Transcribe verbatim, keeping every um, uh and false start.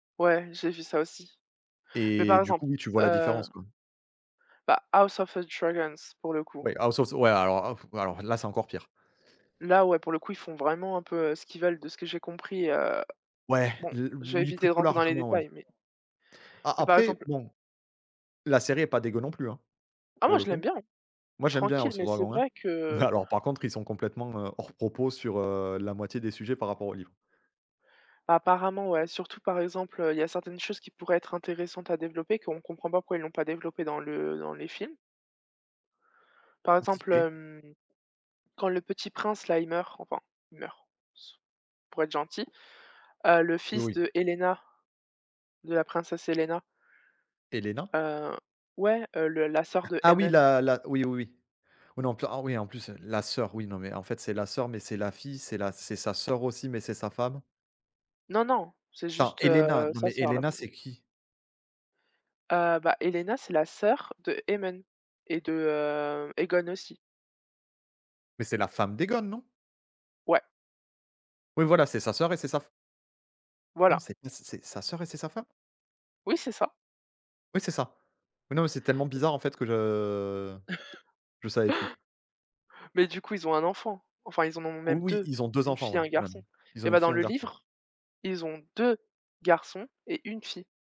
Ouais, j'ai vu ça aussi, mais Et par du exemple coup oui tu vois la heu différence quoi? bah, House of a dragons pour le coup. Ouais, House of the ouais alors of alors là, c'est encore pire. Là, ouais, pour le coup, ils font vraiment un peu, heu, ce qu'ils veulent de ce que j'ai compris, heu Ouais, bon, le je vais oui éviter de plutôt rentrer dans les largement ouais. détails mais A mais par après exemple bon, la série est pas dégueu non plus, hein, Ah pour moi le je l'aime coup. bien, hein. Moi, j'aime bien Tranquille House of mais c'est dragon, hein. vrai Mais que alors par contre ils sont complètement, heu, hors propos sur, heu, la moitié des sujets par rapport au livre. Apparemment ouais, surtout par exemple, heu, il y a certaines choses qui pourraient être intéressantes à développer, qu'on comprend pas pourquoi ils l'ont pas développé dans le dans les films. Par exemple, Compliqué. hem, quand le petit prince-là, il meurt, enfin il meurt ç pour être gentil, heu, le Oui, fils oui. de Helaena, de la princesse Helaena Helaena? heu, ouais, heu, le la sœur de Ah oui Aemond. la la oui, oui, oui. On est en plein oh oui, en plus la sœur oui non mais en fait, c'est la sœur, mais c'est la fille, c'est la c'est sa sœur aussi, mais c'est sa femme. Non, non, c'est Attends juste, Helaena, heu, non, sa mais sœur là Helaena pour l c'est qui? Heu, bah, Helaena c'est la sœur de Aemond et de, heu, Aegon aussi. Mais c'est la femme d'Aegon, non? Ouais. Oui voilà c'est sa sœur et c'est sa fe Non Voilà. c'est pas c'est c'est sa sœur et c'est sa femme? Oui c'est ça. Oui, c'est ça. Oui non mais c'est tellement bizarre en fait, que je je savais plus. Mais du coup, ils ont un enfant. Enfin ils en ont même Oui, deux, ils ont deux une enfants fille, ouais un même, garçon, ils ont et une bien dans fille, un le garçon. livre, ils ont deux garçons et une fille.